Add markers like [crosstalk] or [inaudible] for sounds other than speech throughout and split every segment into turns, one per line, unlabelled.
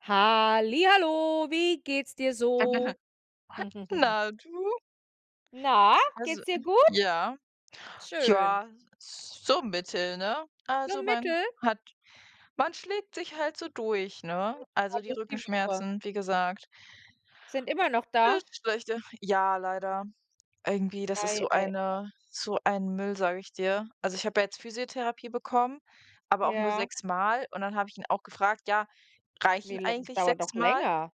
Halli hallo, wie geht's dir so?
[chuckles]
[giggles]
Na, du?
Na,
Also,
geht's dir gut?
ja.
Schön.
Ja, so mittel, ne?
Nur
Also man
mittel?
hat man schlägt sich halt so durch,
Hm,
ne? Also
ja,
die
durch die Woche.
Rückenschmerzen, wie gesagt.
Sind immer noch da?
[unintelligible] schlechter. Ja, leider irgendwie, das ist
Ei
so
ei ei.
eine so ein Müll, sage ich dir. Also ich habe ja jetzt Physiotherapie bekommen, aber auch nur
Ja.
sechsmal, und dann habe ich ihn auch gefragt: „Ja,
Wie
reichen
la das
eigentlich
dauert doch
sechsmal?“
länger?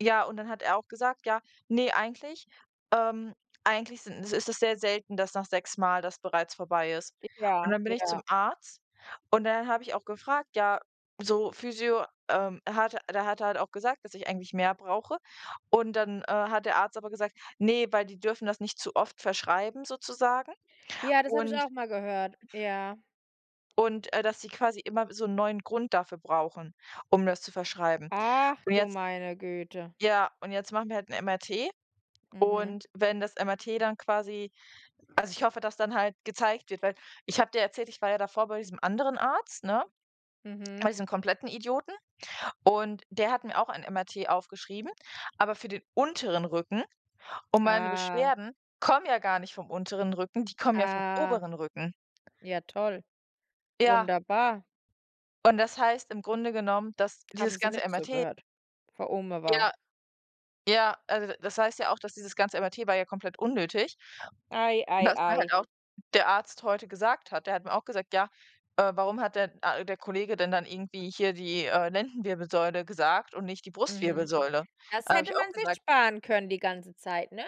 Ja, und dann hat er auch gesagt, ja: „Ne, eigentlich, ähm, eigentlich sind ist es sehr selten, dass nach sechsmal das bereits vorbei ist.”
J Ja,
Und dann bin ich
ja.
zum Arzt und dann habe ich auch gefragt: „Ja, so Physio ähm, er hat der hatte halt auch gesagt, dass ich eigentlich mehr brauche.” Und dann, äh, hat der Arzt aber gesagt: „Ne“, weil die dürfen das nicht zu oft verschreiben, sozusagen
Ja, das habe ich
und
auch mal gehört, ja.
und, äh, dass sie quasi immer so 'n neuen Grund dafür brauchen, um das zu verschreiben.
Ach,
Und
du
jetzt
meine Güte.
ja, und jetzt machen wir halt 'ne MRT
Mhm.
und wenn das MRT dann quasi also ich hoffe, dass dann halt gezeigt wird weil ich habe dir erzählt, ich war ja davor bei diesem anderen Arzt, ne, bei
Mhm.
diesem kompletten Idioten, und der hat mir auch ein MRT aufgeschrieben, aber für den unteren Rücken, und meine
Ah.
Beschwerden kommen ja gar nicht vom unteren Rücken, die kommen ja vom
Ah.
oberen Rücken.
Ja toll,
Ja.
wunderbar.
Und das heißt im Grunde genommen, dass
Haben
dieses
sie
ganze
nicht
MRT
zugehört? [unintelligible]
Ja, ja, also, d das heißt ja auch, dass dieses ganze MRT war ja komplett unnötig,
Ei ei
was mir
ei.
halt auch der Arzt heute gesagt hat der hat mir auch gesagt: „Ja, äh, warum hat denn, ah, der Kollege denn dann irgendwie hier die, äh, Lendenwirbelsäule gesagt und nicht die
Mhm.
Brustwirbelsäule?”
Das
Da habe
hätte
ich auch
man sich
gesagt
sparen können die ganze Zeit, ne?